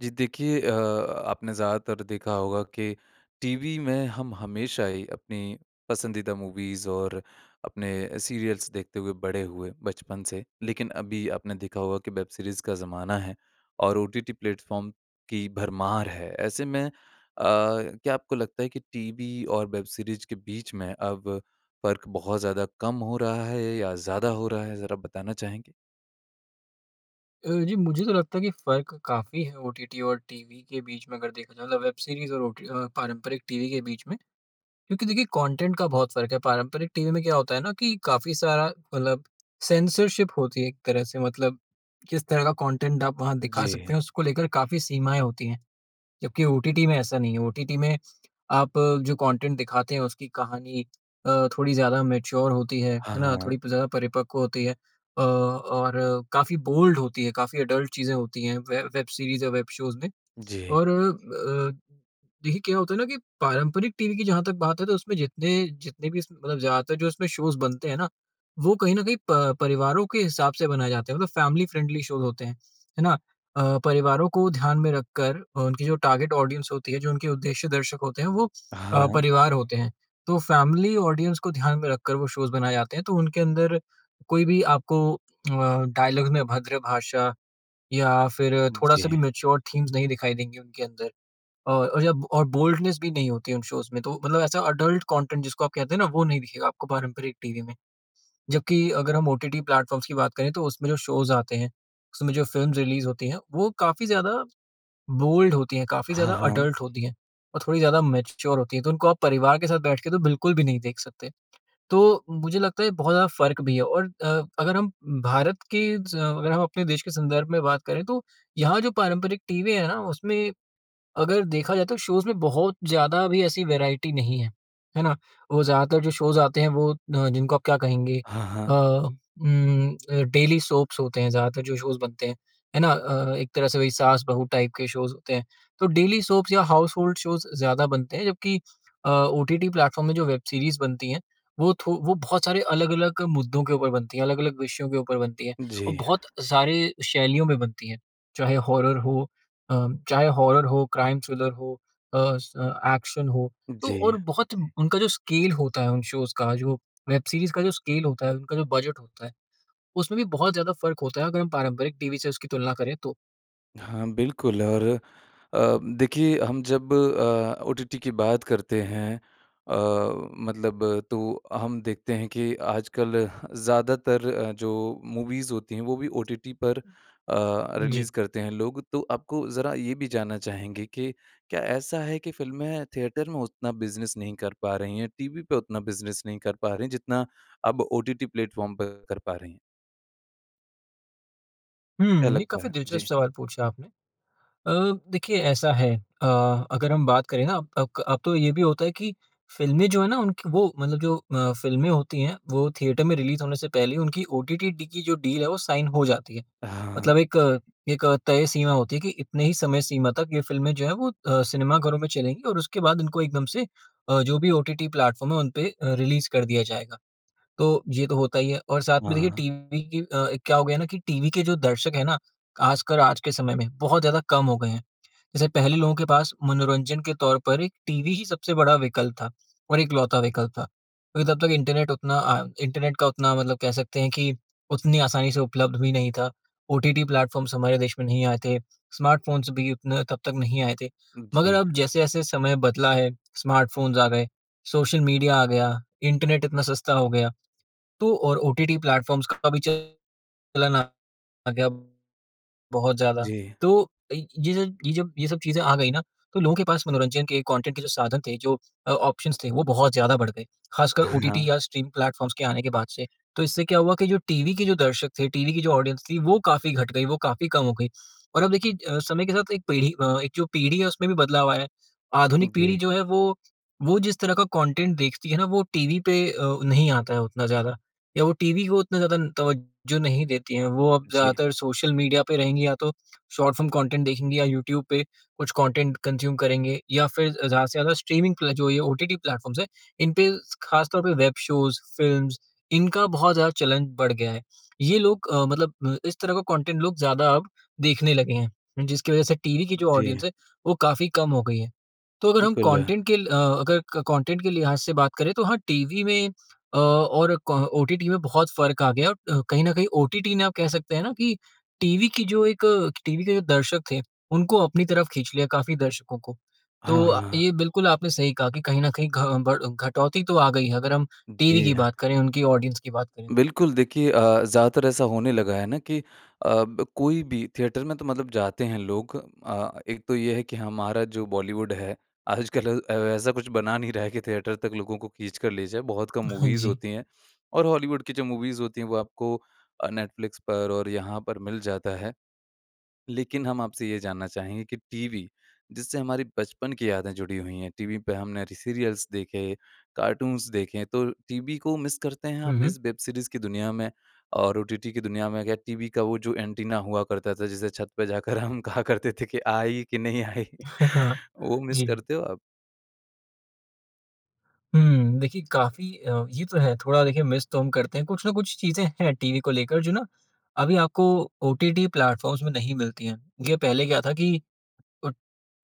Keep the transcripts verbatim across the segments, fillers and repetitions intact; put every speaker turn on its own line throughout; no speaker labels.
जी। देखिए अ, आपने ज़्यादातर देखा होगा कि टीवी में हम हमेशा ही अपनी पसंदीदा मूवीज़ और अपने सीरियल्स देखते हुए बड़े हुए बचपन से लेकिन अभी आपने देखा होगा कि वेब सीरीज़ का ज़माना है और ओटीटी प्लेटफ़ॉर्म की भरमार है। ऐसे में अ, क्या आपको लगता है कि टीवी और वेब सीरीज़ के बीच में अब फ़र्क बहुत ज़्यादा कम हो रहा है या ज़्यादा हो रहा है ज़रा बताना चाहेंगे?
अ, जी। मुझे तो लगता है कि फ़र्क काफ़ी है ओटीटी और टीवी के बीच में अगर देखा जाए तो मतलब वेब सीरीज़ और ओटी अ, पारंपरिक टीवी के बीच में। क्योंकि देखिए कॉन्टेंट का बहुत फ़र्क है। पारंपरिक टीवी में क्या होता है ना कि काफ़ी सारा मतलब सेंसरशिप होती है एक तरह से। मतलब किस तरह का कॉन्टेंट आप वहाँ दिखा सकते
जी।
हैं उसको लेकर काफ़ी सीमाएँ होती हैं जबकि ओटीटी में ऐसा नहीं है। ओटीटी में आप जो कॉन्टेंट दिखाते हैं उसकी कहानी अ, थोड़ी ज़्यादा मैच्योर होती है।
हाँ,
है ना?
हाँ।
थोड़ी प ज़्यादा परिपक्व होती है। अ, और काफ़ी बोल्ड होती है। काफ़ी एडल्ट चीज़ें होती हैं। वे वेब सीरीज़ या वेब शोज़ में।
जी।
और अ, देखिए क्या होता है ना कि पारंपरिक टीवी की जहाँ तक बात है तो उसमें जितने जितने भी उसमे मतलब ज़्यादा जो इसमें शोज़ बनते हैं ना। वो कहीं न कहीं प परिवारों के हिसाब से बनाए जाते हैं। मतलब फैमिली फ्रेंडली शोज़ होते हैं। है ना? अ, परिवारों को ध्यान में रखकर अ, उनकी जो टारगेट ऑडियन्स होती है। जो उनके उद्देश्य दर्शक होते हैं वो अ,
हाँ।
परिवार होते हैं। तो फ़ैमिली ऑडियन्स को ध्यान में रखकर वो शोज़ बनाए जाते हैं। तो उनके अंदर कोई भी आपको अ, डायलॉग में अभद्र भाषा या फ़िर थोड़ा-सा
जी।
भी मैच्योर थीम्स नहीं दिखाई देंगे उनके अंदर। और और जब और बोल्डनेस भी नहीं होती उन शोज़ में तो मतलब ऐसा एडल्ट कंटेंट जिसको आप कहते हैं ना वो नहीं दिखेगा आपको पारंपरिक टीवी में। जबकि अगर हम ओटीटी प्लेटफ़ॉर्म्स की बात करें तो उसमें जो शोज़ आते हैं, उसमें जो फ़िल्म्स रिलीज़ होती हैं वो काफ़ी ज़्यादा बोल्ड होती हैं। काफ़ी
हाँ,
ज़्यादा
हाँ।
एडल्ट होती हैं। और थोड़ी ज़्यादा मैच्योर होती हैं। तो उनको आप परिवार के साथ बैठ के तो बिल्कुल भी नहीं देख सकते। तो मुझे लगता है ये बहुत ज़्यादा फ़र्क भी है। और अ, अगर हम भारत के ज़ अगर हम अपने देश के संदर्भ में बात करें तो यहाँ जो पारंपरिक टीवी है ना उसमें अगर देखा जाए तो शोज़ में बहुत ज़्यादा भी ऐसी वैराइटी नहीं है। है ना? वो ज़्यादातर जो शोज़ आते हैं वो अ, जिनको आप क्या कहेंगे
हाँ,
अ,
हाँ।
उम, अ, डेली सोप्स होते हैं ज़्यादातर जो शोज़ बनते हैं। है ना? अ, एक तरह से वहीं सास-बहू टाइप के शोज़ होते हैं। तो डेली सोप्स या हाउसहोल्ड शोज़ ज़्यादा बनते हैं जबकि अ, ओटीटी प्लेटफ़ॉर्म में जो वेब सीरीज़ बनती हैं वो थो वो बहुत सारे अलग-अलग मुद्दों के ऊपर बनती हैं। अलग-अलग विषयों के ऊपर बनती हैं।
जी।
औ बहुत सारे शैलियों में बनती हैं। चाहे हॉरर हो अ, चाहे हॉरर हो, क्राइम थ्रिलर हो, अ, स एक्शन हो। तो
जी।
और बहुत उनका जो स्केल होता है उन शोज़ का जो वेब सीरीज़ का जो स्केल होता है उनका जो बजट होता है। उसमें भी बहुत ज़्यादा फ़र्क होता है। अगर हम पारंपरिक टीवी से उसकी तुलना करें तो।
हाँ, बिल्कुल और अ, देखिए हम जब अ, ओटीटी की बात करते हैं अ, मतलब तो हम देखते हैं कि आजकल ज़्यादातर अ, जो मूवीज़ होती हैं वो भी ओटीटी पर अ,
जी।
रिलीज़ करते हैं लोग। तो आपको ज़रा ये भी जानना चाहेंगे कि क्या ऐसा है कि फिल्में थिएटर में उतना बिज़नेस नहीं कर पा रही हैं? टीवी पे उतना बिज़नेस नहीं कर पा रही हैं? जितना अब ओटीटी प्लेटफ़ॉर्म पर कर पा रहे हैं? क्या
हुँ। ये
लगता
काफ़ी
है? जी।
दिलचस्प सवाल पूछा आपने। अ, देखिए ऐसा है अ, अगर हम बात करे हाँ, अक अब तो ये भी होता है कि फिल्में जो है ना उनकी वो मतलब जो अ, फिल्में होती हैं वो थिएटर में रिलीज होने से पहले, उनकी ओटीटी डी की जो डील है, वो साइन हो जाती है।
हाँ।
मतलब एक अ एक अ, तय सीमा होती है कि इतने ही समय सीमा तक ये फिल्में जो हैं वो अ, सिनेमा घरों में चलेंगी और उसके बाद इनको एकदम से अ, जो भी ओटीटी प्लेटफ़ॉर्म है उन पे अ, रिलीज़ कर दिया जाएगा। तो ये तो होता ही है। और साथ में देखिए
हाँ।
टीवी की अ, क्या हो गया ना कि टीवी के जो दर्शक हैं ना, आजकल आज के समय में बहुत ज़्यादा कम हो गए हैं। जैसे पहले लोगों के पास मनोरंजन के तौर पर एक टीवी ही सबसे बड़ा विकल्प था। और एकलौता विकल्प था। क्योंकि तब तक इंटरनेट उतना अ इंटरनेट का उतना मतलब कह सकते हैं कि उतनी आसानी से उपलब्ध भी नहीं था। ओटीटी प्लेटफ़ॉर्म्स हमारे देश में नहीं आए थे। स्मार्टफोन्स भी उतना तब तक नहीं आए थे। मगर
जी।
अब जैसे-जैसे समय बदला है स्मार्टफोन्स आ गए, सोशल मीडिया आ गया, इंटरनेट इतना सस्ता हो गया, तो और ओटीटी प्लेटफ़ॉर्म्स का भी चलन आ गया बहुत ज़्यादा।
जी।
तो अ ,यज ये जब ये सब चीज़ें आ गई ना, तो लोगों के पास मनोरंजन के कॉन्टेंट के जो साधन थे, जो अ, ऑप्शंस थे, वो बहुत ज़्यादा बढ़ गए। ख़ासकर
हाँ।
ओटीटी या स्ट्रीम प्लेटफ़ॉर्म्स के आने के बाद से। तो इससे क्या हुआ कि जो टीवी के जो दर्शक थे, टीवी की जो ऑडियंस थी, वो काफ़ी घट गयी, वो काफ़ी कम हो गयी। और अब देखिए अ, समय के साथ एक पीढ़ी अ एक जो पीढ़ी है उसमें भी बदलाव आया है। आधुनिक पीढ़ी
जी।
जो है वो वो जिस तरह का कॉन्टेंट देखती है ना वो टीवी पे अ, नहीं आता है उतना ज़्यादा। या वो टीवी हो उतना ज़्यादा तवज्जो नहीं देती है। वो अब
जी।
ज़्यादातर सोशल मीडिया पे रहेंगी, या तो शार्ट फ़िल्म कॉन्टेंट देखेंगी या यूट्यूब पे कुछ कंटेंट कंज्यूम करेंगे। या फिर ज़्यादा से ज़्यादा स्ट्रीमिंग प्ले जो ओटीटी प्लेटफ़ॉर्म्स हैं, इनपे ख़ास तौर पे, वेब शोज़ फ़िल्म्स इनका बहुत ज़्यादा चलन बढ़ गया है। ये लोग अ, मतलब अ, इस तरह का कंटेंट लोग ज़्यादा अब देखने लगे हैं। जिसकी वज़ह से टीवी की जो ऑडियंस
जी।
है वो काफ़ी कम हो गयी है। तो अगर हम
बिल्कुल।
कंटेंट के ल अगर कंटेंट के लिहाज़ से बात करें तो हाँ, टीवी में अ, और क ओटीटी में बहुत फ़र्क आ गया है। और कहीं न कहीं ओटीटी ने आप कह सकते हैं ना कि टीवी की जो एक अ, टीवी के दर्शक थे, उनको अपनी तरफ खींच लिया काफ़ी दर्शकों को। तो
हाँ,
अ,
हाँ।
ये बिल्कुल आपने सही कहा कि कहीं न कहीं घ बढ़ घटौती तो आ गई है। अगर हम टीवी
जी।
की बात करें, उनकी ऑडियंस की बात करें।
बिल्कुल। देखिए अ, ज़्यादातर ऐसा होने लगा है ना कि अब कोई भी थिएटर में तो मतलब जाते हैं लोग। अ, एक तो ये है कि हमारा जो बॉलीवुड है आजकल अ, ऐसा कुछ बना नहीं रहा है कि थिएटर तक लोगों को खींच कर ले जाए। बहुत कम
हाँ,
मूवीज़
जी।
होती हैं। और हॉलीवुड की जो मूवीज़ होती हैं वो आपको अ, नेटफ्लिक्स पर और यहाँ पर मिल जाता है। लेकिन, हम आपसे ये जानना चाहेंगे कि टीवी, जिससे हमारी बचपन की यादें जुड़ी हुई हैं। टीवी पे हमने सीरियल्स देखे, कार्टून्स देखे हैं, तो टीवी को मिस करते हैं आप?
हुँ, हुँ।
इस वेब सीरीज़ की दुनिया में? और ओटीटी की दुनिया में? क्या टीवी का वो जो एंटीना हुआ करता था जिसे छत पे जाकर हम कहा करते थे कि आई कि नहीं आई।
हाँ, हाँ।
वो मिस
जी।
करते हो आप?
हुँ। देखिए काफ़ी अ, ये तो है थोड़ा देखिए मिस तो हम करते हैं कुछ न कुछ चीज़ें हैं, टीवी को लेकर जो ना अभी आपको ओटीटी प्लैटफ़ॉर्म्स में नहीं मिलती हैं। ये पहले क्या था कि ओ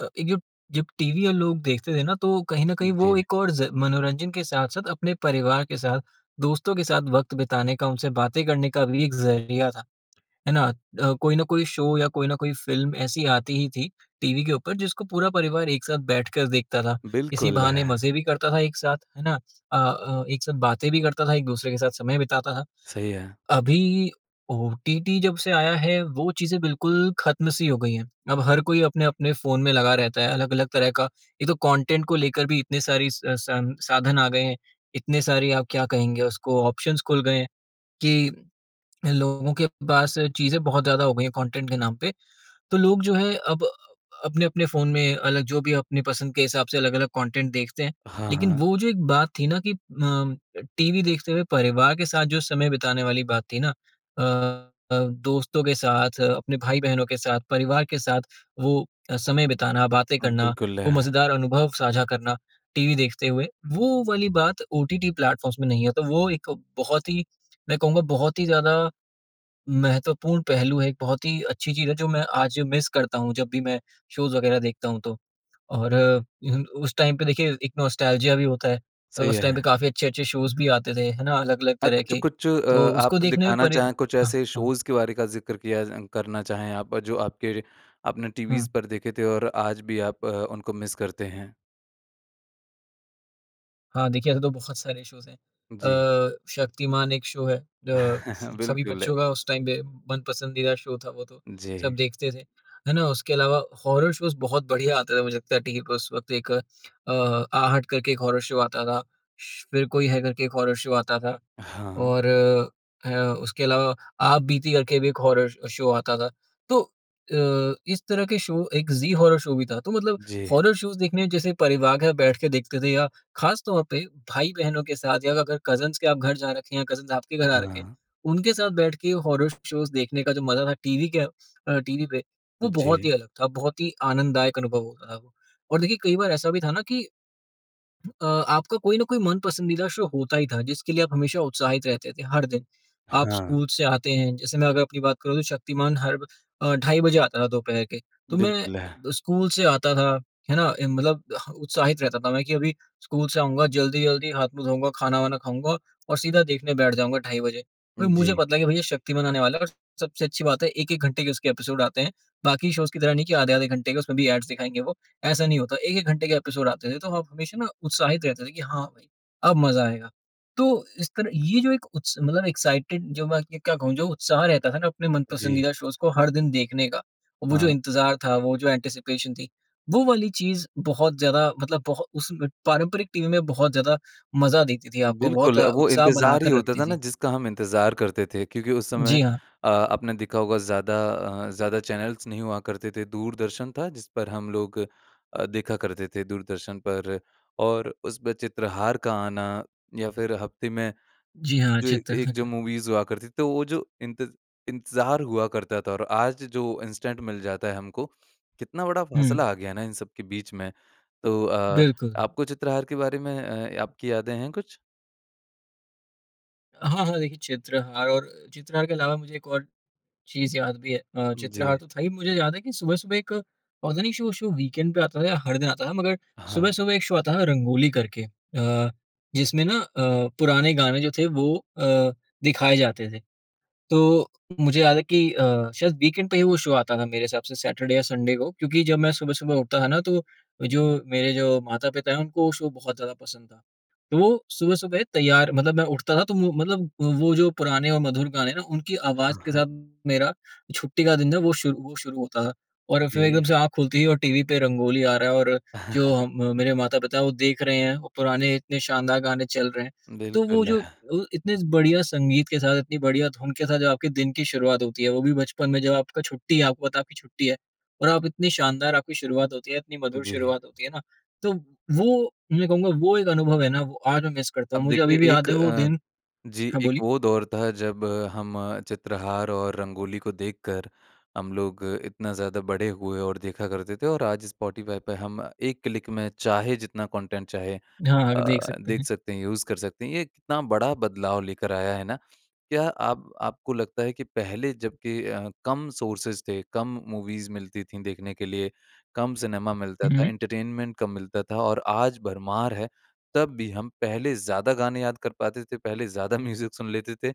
अ, एक जो जब टीवी और लोग देखते थे ना तो कहीं न कहीं वो
जी।
एक और ज़ मनोरंजन के साथ-साथ अपने परिवार के साथ दोस्तों के साथ वक़्त बिताने का उनसे बातें करने का भी एक ज़रिया था। है ना? अ, कोई न कोई शो या कोई न कोई फ़िल्म ऐसी आती ही थी टीवी के ऊपर जिसको पूरा परिवार एक साथ बैठकर देखता था। इसी
बिल्कुल
बहाने
है।
मज़े भी करता था एक साथ, है ना? अ अ, एक साथ बातें भी करता था। एक-दूसरे के साथ समय बिताता था।
सही है।
अभी, ओटीटी जब से आया है वो चीज़ें बिल्कुल ख़त्म सी हो गई हैं। अब हर कोई अपने-अपने फ़ोन में लगा रहता है, अलग-अलग तरह का, एक तो कंटेंट को लेकर भी इतने सारे स संसाधन आ गए हैं। इतने सारे आप क्या कहेंगे उसको ऑप्शंस खुल गए हैं, कि लोगों के पास चीज़ें बहुत ज़्यादा हो गई हैं कंटेंट के नाम पे। तो लोग जो है अब अ, अपने-अपने फ़ोन में अलग जो भी अपनी पसंद के हिसाब से अलग-अलग कंटेंट देखते हैं।
हाँ,
लेकिन
हाँ।
वो जो एक बात थी ना कि अ, टीवी देखते हुए परिवार के साथ जो समय बिताने वाली बात थी ना, अ, दोस्तों के साथ अपने भाई-बहनों के साथ परिवार के साथ वो समय बिताना, बातें करना
बिल्कुल
वो
है।
मज़ेदार अनुभव साझा करना, टीवी देखते हुए। वो वाली बात ओटीटी प्लैटफ़ॉर्म्स में नहीं है, तो वो एक बहुत ही मैं कहूँगा बहुत ही ज़्यादा, महत्वपूर्ण पहलू है, एक बहुत ही अच्छी चीज़ है जो मैं आज मिस करता हूँ जब भी मैं शोज़ वगैरह देखता हूँ तो। और उ उस टाइम पे देखिए एक नॉस्टेल्जिया भी होता है अ,
सही
उस टाइम
है।
पे काफ़ी अच्छे-अच्छे शोज़ भी आते थे है ना अलग-अलग
अ,
तरह के,
कुछ-कुछ अ,
तो उसको
आप
देखने में
दिखाना
परि
चाहें कुछ
हाँ,
ऐसे
हाँ।
शोज़ के बारे का ज़िक्र किया ज करना चाहें आप, और जो आपके आपने टीवीस्
हुँ।
पर देखे थे और आज भी आप अ, उनको मिस करते हैं?
हाँ, देखिए, ऐसे तो बहुत सारे शोज़ हैं।
जी।
अ, शक्तिमान एक शो है अ, स सभी
बिल्कुल।
बच्चों का उस टाइम पे मन-पसंदीदा शो था वो तो, सब
जी।
देखते थे। है ना? उसके अलावा हॉरर शोज़ बहुत बढ़िया आते थे, मुझे लगता है, टीवी पे उस वक़्त एक अ, आहट करके एक हॉरर शो आता था। श्श्श, फिर कोई है, करके एक हॉरर शो आता था
हाँ।
और ह उसके अलावा आपबीती करके भी एक हॉरर अ, शो आता था। तो अ, इस तरह के शो एक ज़ी हॉरर शो भी था, तो मतलब
जी।
हॉरर शोज़ देखने जैसे परिवार के साथ बैठ के देखते थे या खास तौर पे भाई-बहनों के साथ या अगर कज़िन्स के आप घर जा रखे हैं, कज़िन्स आपके घर आ रखे हैं,
हाँ।
उनके साथ बैठ के हॉरर शोज़ देखने का जो मज़ा था, टीवी के अ, टीवी पे, वो बहुत
जी।
ही अलग था, बहुत ही आनंददायक अनुभव होता था वो। और देखिए, कई बार ऐसा भी था ना कि अ, आपका कोई ना कोई मन-पसंदीदा शो होता ही था, जिसके लिए आप हमेशा उत्साहित रहते थे, हर दिन। आप
हाँ।
स्कूल से आते हैं जैसे मैं अगर अपनी बात करूँ, तो शक्तिमान हर ब अ, ढाई बजे आता था दोपहर के। तो मैं अ,
बिल्कुल।
ब स्कूल से आता था, है ना? इम मतलब ह उत्साहित रहता था मैं कि अभी स्कूल से आऊँगा, जल्दी-जल्दी हाथ-मुँह धोऊँगा, खाना-वाना खाऊँगा और सीधा देखने बैठ जाऊँगा ढाई बजे। अ, मुझे
जी।
पता है कि भैया, शक्तिमान आने वाला है और सबसे अच्छी बात है, एक एक घंटे के उसके एपिसोड आते हैं, बाकी शोज़ की तरह नहीं कि आधे-आधे घंटे के, उसमें भी ऐड्स दिखाएँगे वो। ऐसा नहीं होता, एक एक घंटे के एपिसोड आते थे, तो हम हमेशा ना उत्साहित रहते थे कि, "हाँ भई, अब मज़ा आएगा।" तो इस तरह ये जो एक उत्स मतलब एक्साइटेड जो बाकी अब क्या कहूँ? जो उत्साह रहता था ना, अपने
जी।
मन-पसंदीदा शोज़ को हर दिन देखने का, वो जो
हाँ।
इंतज़ार था, वो जो एंटीसिपेशन थी, वो वाली चीज़ बहुत ज़्यादा मतलब बहु उस में पारंपरिक टीवी में बहुत ज़्यादा मज़ा देती थी आपको, बहुत
बिल्कुल, वो
उत्साह
इंतज़ार ही
बनाकर
होता
रखती
था ना,
थी।
जिसका हम इंतज़ार करते थे क्योंकि उस समय
जी हाँ।
अ, आपने देखा होगा, ज़्यादा अ, ज़्यादा चैनल्स नहीं हुआ करते थे। दूरदर्शन था, जिस पर हम लोग अ, देखा करते थे, दूरदर्शन पर, और उस पे चित्रहार का आना या फिर हफ़्ते में
जी हाँ,
जो
चित्र
एक जो मूवीज़ हुआ करती थी। तो वो जो इंतज़ इंतज़ार हुआ करता था और आज जो इंस्टेंट मिल जाता है हमको, कितना बड़ा फ़ासला
हुँ।
आ गया है ना इन सब के बीच में। तो अ,
बिल्कुल।
आपको चित्रहार के बारे में अ, आपकी यादें हैं कुछ?
हाँ, हाँ। देखिए, चित्रहार और चित्रहार के अलावा मुझे एक और चीज़ याद भी है। अ, चित्रहार
जी।
तो था ही मुझे याद है कि सुबह-सुबह एक पता नहीं शो शो, वीकेंड पे आता था या हर दिन आता था, मगर
हाँ।
सुबह-सुबह एक शो आता था रंगोली करके अ, जिसमें ना अ, पुराने गाने जो थे वो अ, दिखाए जाते थे। तो मुझे याद है कि अ, शायद वीकेंड पे ही वो शो आता था मेरे हिसाब से सैटरडे-संडे को, क्योंकि जब मैं सुबह-सुबह उठता था ना तो, जो मेरे जो माता-पिता हैं उनको वो शो बहुत ज़्यादा पसंद था। तो वो सुबह-सुबह तैयार मतलब मैं उठता था तो वो मतलब वो जो पुराने और मधुर गाने हैं ना, उनकी आवाज़
हाँ,
के
हाँ।
साथ मेरा छुट्टी का दिन था वो शुरू शुरू होता था। और फिर
जी।
एकदम से आँख खुलती है और टीवी पे रंगोली आ रहा है और जो हम मेरे माता-पिता वो देख रहे हैं, और पुराने इतने शानदार गाने चल रहे हैं। तो वो
बिल्कुल।
जो, वो इतने बढ़िया संगीत के साथ इतनी बढ़िया धुन के साथ जो आपके दिन की शुरुआत होती है, वो भी बचपन में जब आपका छुट्टी है, आपको पता है आपकी छुट्टी है और आप इतनी शानदार आपकी शुरुआत होती है, इतनी मधुर
जी।
शुरुआत होती है ना, तो वो मैं कहूँगा, वो एक अनुभव है ना, वो आज मैं मिस करता हूँ।
अब
मुझे
देखिए
अभी भी
एक
याद है वो
अ,
दिन
जी
हाँ
एक
बोलिए।
वो दौर था जब हम चित्रहार और रंगोली को देखकर, हम लोग इतना ज़्यादा बड़े हुए और देखा करते थे और आज स्पॉटीफाई पे हम एक क्लिक में चाहे जितना कॉन्टेंट चाहे
हाँ, आगे देख
अ,
सकते
देख
हैं।
सकते हैं, यूज़ कर सकते हैं। ये कितना बड़ा बदलाव लेकर आया है ना, क्या आप आपको लगता है कि पहले जब के अ, कम सोर्सेज थे, कम मूवीज़ मिलती थी देखने के लिए, कम सिनेमा मिलता
हुँ,
था,
हुँ।
एंटरटेनमेंट कम मिलता था और आज भरमार है तब भी, हम पहले ज़्यादा गाने याद कर पाते थे, पहले ज़्यादा म्यूज़िक सुन लेते थे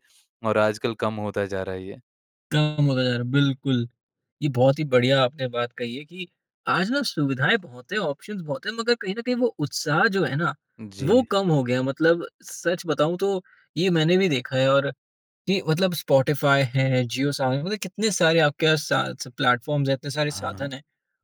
और आजकल कम होता जा रहा है ये।
कम होता जा रहा है, बिल्कुल। ये बहुत ही बढ़िया आपने बात कही है कि, आज ना सुविधाएँ बहुत हैं, ऑप्शन्स बहुत हैं, मगर कहीं न कहीं वो उत्साह जो है ना,
जी।
वो कम हो गया है। मतलब सच बताऊँ तो ये मैंने भी देखा है और कि मतलब स्पॉटीफाई है, जियो सावन, मतलब कितने सारे आपके पास सा स प्लेटफ़ॉर्म्स हैं, इतने सारे साधन
हाँ।
हैं,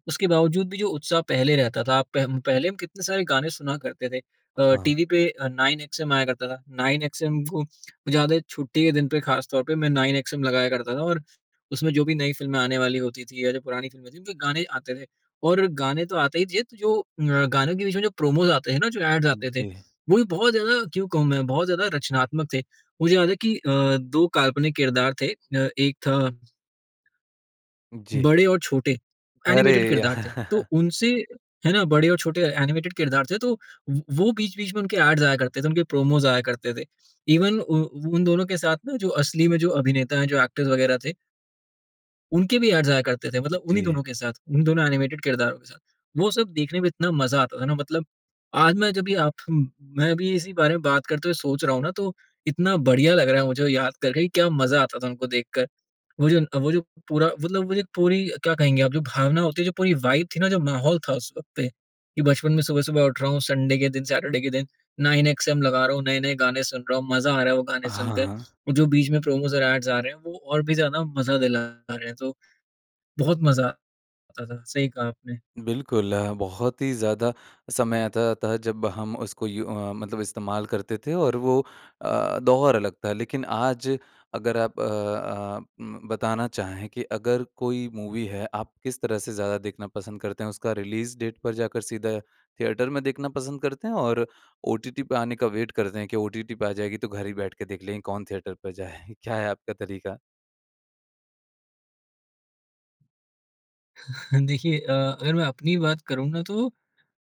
उसके बावजूद भी जो उत्साह पहले रहता था, आप पह पहले हम कितने सारे गाने सुना करते थे। अ,
हाँ।
टीवी पे अ, नाइन एक्सएम आया करता था, नाइन एक्सएम, वो ज़्यादा छुट्टी के दिन पे खास तौर पे मैं नाइन एक्सएम लगाया करता था, और उसमें जो भी नई फ़िल्में आने वाली होती थी या जो पुरानी फ़िल्में थीं, उनके गाने आते थे। और गाने तो आते ही थे, त जो अ, गानों के बीच में जो प्रोमोज़ आते हैं ना, जो ऐड्स
उ
आते थे,
जी।
वो भी बहुत ज़्यादा क्यों कहूँ मैं? बहुत ज़्यादा रचनात्मक थे। मुझे याद है कि अ, दो काल्पनिक किरदार थे अ, एक था
जी।
बड़े और छोटे, एनिमेटेड
अरे!
किरदार थे। तो उनसे है ना? बड़े और छोटे एनिमेटेड किरदार थे, तो वो वो बीच-बीच में उनके ऐड्स आया करते थे, उनके प्रोमोज़ आया करते थे। ईवन उ वो उन दोनों के साथ ना, जो असली में जो अभिनेता हैं, जो एक्टर्स वगैरह थे उनके भी ऐड्स आया करते थे, मतलब उन्ही
जी।
दोनों के साथ, उन्ही दोनों एनिमेटेड किरदारों के साथ। वो सब देखने में इतना मज़ा आता था ना मतलब, आज मैं जब ये आप अम मैं अभी इसी बारे में बात करते हुए सोच रहा हूँ ना, तो इतना बढ़िया लग रहा है मुझे वो याद करके कि क्या मज़ा आता था उनको देखकर। वो जो न वो जो पूरा मतलब वो जो पूरी, क्या कहेंगे आप, जो भावना होती है, जो पूरी वाइब थी ना, जो माहौल था उस वक़्त पे, कि बचपन में सुबह-सुबह उठ रहा हूँ संडे के दिन, सैटर्डे के दिन, 9XM लगा रहा हूँ, नए-नए गाने सुन रहा हूँ, मज़ा आ रहा है वो गाने
हाँ,
सुनकर।
हाँ।
वो जो बीच में प्रोमोज़ और ऐड्स आ रहे हैं, वो और भी ज़्यादा मज़ा दिला रहे हैं। तो, बहुत मज़ा आता था, सही कहा आपने।
बिल्कुल। अ, बहुत ही ज़्यादा समय आता-जाता था जब हम उसको यू अ, मतलब इस्तेमाल करते थे और वो अ, दौर अलग था। लेकिन आज अगर आप अ अ, अम बताना चाहें कि अगर कोई मूवी है, आप किस तरह से ज़्यादा देखना पसंद करते हैं? उसका रिलीज़ डेट पर जाकर सीधा थिएटर में देखना पसंद करते हैं, और ओटीटी पे आने का वेट करते हैं कि ओटीटी पे आ जाएगी तो घर ही बैठ के देख लेंगे, कौन थिएटर पर जाए, क्या है आपका तरीका?
देखिए अ, अगर मैं अपनी बात करूँ ना तो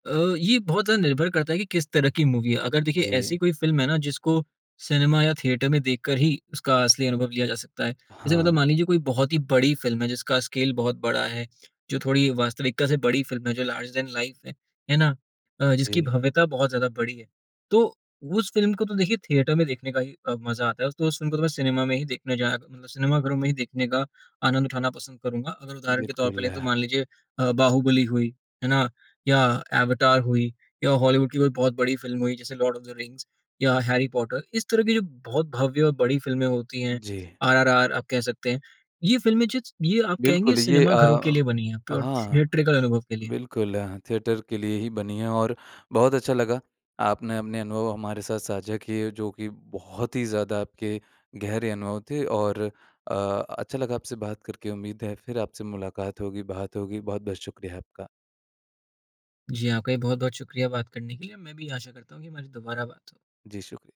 अ, ये बहुत ज़्यादा निर्भर करता है कि, किस तरह कि मूवी है। अगर देखिए
जी।
ऐसी कोई फ़िल्म है ना जिसको सिनेमा या थिएटर में देखकर ही उसका असली अनुभव लिया जा सकता है। जैसे मतलब
हाँ।
मान लीजिए, कोई बहुत ही बड़ी फ़िल्म है जिसका स्केल बहुत बड़ा है, जो थोड़ी वास्तविकता से बड़ी फ़िल्म है, जो लार्ज दैन लाइफ़ है, है ना, अ, जिसकी
जी।
भव्यता बहुत ज़्यादा बड़ी है, तो उस फ़िल्म को तो देखिए थिएटर में देखने का ही अ, मज़ा आता है। उस तो उस फ़िल्म को सिनेमा में ही देखने जाया क मतलब सिनेमा घरों में ही देखने का आनंद उठाना पसंद करूँगा। अगर उदाहरण के तौर पर
बिल्कुल।
लें, तो मान लीजिए अ, बाहुबली हुई, है ना, या अवतार हुई, या हॉलीवुड की कोई बहुत बड़ी फ़िल्म हुई, जैसे लॉर्ड ऑफ़ द रिंग्स या हैरी पॉटर, इस तरह की जो बहुत भव्य और बड़ी फ़िल्में होती हैं,
जी।
आरआरआर आप कह सकते हैं। ये फिल्में जित्स ये आप कहेंगे
बिल्कुल, ये
सिनेमा घरों के
अ
लिए बनी हैं, प्योर
हाँ।
थिएट्रिकल अनुभव के लिए।
बिल्कुल, थिएटर के लिए ही बनी है। और बहुत अच्छा लगा, आपने अपने अनुभव हमारे साथ साझा किए जो कि बहुत ही ज़्यादा आपके गहरे अनुभव थे। और अ, अच्छा लगा आपसे बात करके, उम्मीद है फिर आपसे मुलाक़ात होगी, बात होगी। बहुत-बहुत शुक्रिया आपका।
जी, आपका भी बहुत-बहुत शुक्रिया बात करने के लिए। मैं भी आशा करता हूँ कि हमारी दुबारा बात हो।
जी, शुक्रिया।